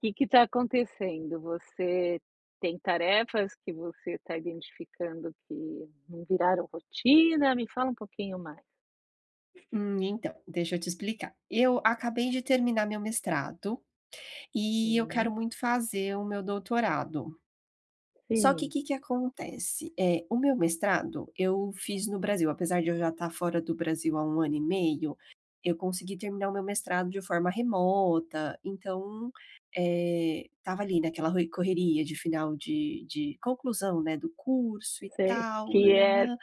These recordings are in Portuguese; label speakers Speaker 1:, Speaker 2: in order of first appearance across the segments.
Speaker 1: Que que tá acontecendo? Você tem tarefas que você tá identificando que não viraram rotina? Me fala um pouquinho mais.
Speaker 2: Hum, então. Deixa eu te explicar. Eu acabei de terminar meu mestrado e eu quero
Speaker 1: Sim.
Speaker 2: muito fazer o meu doutorado. Só que,
Speaker 1: Sim.
Speaker 2: que que acontece? Eh, o meu mestrado, eu fiz no Brasil apesar de eu já estar fora do Brasil há 1 ano e meio, eu consegui terminar o meu mestrado de forma remota, então, eh, estava ali naquela roi correria de final de de conclusão, né, do curso e
Speaker 1: Sei,
Speaker 2: tal,
Speaker 1: que
Speaker 2: nã, nã,
Speaker 1: é
Speaker 2: nã.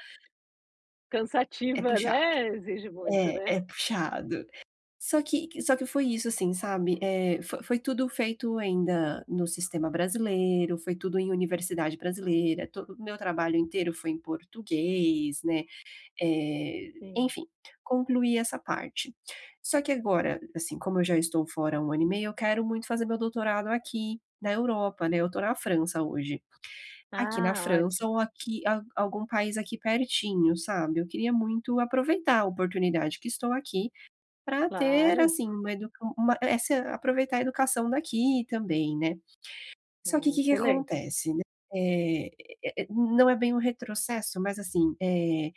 Speaker 2: É
Speaker 1: cansativa,
Speaker 2: puxado.
Speaker 1: né. Exige muito,
Speaker 2: É,
Speaker 1: né.
Speaker 2: é puxado. Só que que só que foi isso, assim, sabe, eh, fo foi tudo feito ainda no sistema brasileiro, foi tudo em universidade brasileira, todo o meu trabalho inteiro foi em português, né, eh,
Speaker 1: Sim.
Speaker 2: enfim. Concluí essa parte. Só que agora, assim, como eu já estou fora há 1 ano e meio, eu quero muito fazer meu doutorado aqui na Europa, né. Eu tô na França hoje. Aqui na
Speaker 1: Ah,
Speaker 2: França
Speaker 1: ótimo.
Speaker 2: ou aqui a algum país aqui pertinho, sabe, eu queria muito aproveitar a oportunidade que estou aqui, pra ter,
Speaker 1: Claro.
Speaker 2: assim, uma edu uma essa aproveitar a educação daqui também, né. Só que,
Speaker 1: Ah,
Speaker 2: o que que
Speaker 1: excelente.
Speaker 2: acontece, né, eh eh eh, não é bem um retrocesso, mas, assim, eh,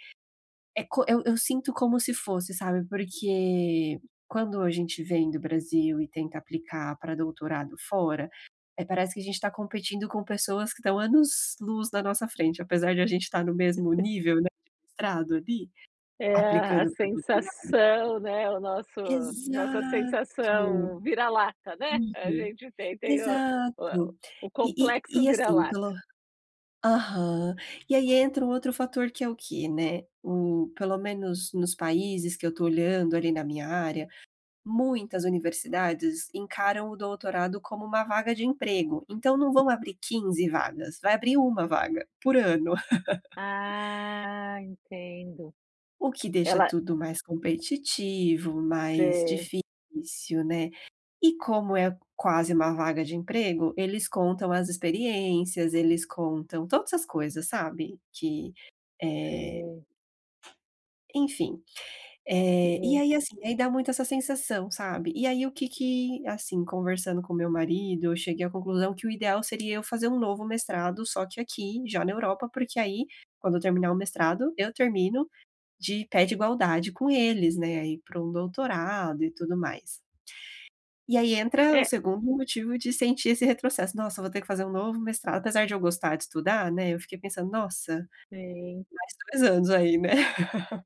Speaker 2: é co eu eu sinto como se fosse, sabe, porque quando a gente vem do Brasil e tenta aplicar pra doutorado fora, eh, parece que a gente tá competindo com pessoas que estão anos-luz na nossa frente, apesar de a gente estar no mesmo nível, né, de mestrado ali,
Speaker 1: É a a
Speaker 2: aplicando pra doutorado
Speaker 1: sensação, né, o nosso nossa
Speaker 2: Exato!
Speaker 1: sensação vira-lata, né. A
Speaker 2: Uhum.
Speaker 1: gente tem tem o o
Speaker 2: Exato.
Speaker 1: o
Speaker 2: E
Speaker 1: complexo
Speaker 2: e e, assim,
Speaker 1: vira-lata.
Speaker 2: pelo aham. E aí entra um outro fator, que é o quê, né, o pelo menos, nos países que eu tô olhando, ali, na minha área, muitas universidades encaram o doutorado como uma vaga de emprego. Então não vão abrir 15 vagas. Vai abrir 1 vaga, por ano.
Speaker 1: Ah, entendo.
Speaker 2: O que deixa
Speaker 1: Ela
Speaker 2: tudo mais competitivo, mais
Speaker 1: Sei.
Speaker 2: difícil, né. E como é quase 1 vaga de emprego, eles contam as experiências, eles contam todas as coisas, sabe, que, eh
Speaker 1: Sim.
Speaker 2: enfim. Eh, e
Speaker 1: Uhum.
Speaker 2: aí, assim aí dá muito essa sensação, sabe, e aí o que que assim, conversando com o meu marido, eu cheguei à conclusão que o ideal seria eu fazer um novo mestrado, só que aqui, já na Europa porque aí, quando eu terminar o mestrado, eu termino de pé de igualdade com eles, né, aí pra um doutorado e tudo mais. E aí entra o
Speaker 1: É
Speaker 2: 2º motivo de sentir esse retrocesso: "Nossa, eu vou ter que fazer um novo mestrado" apesar de eu gostar de estudar, né, eu fiquei pensando: "Nossa,
Speaker 1: Sim.
Speaker 2: mais 2 anos aí, né."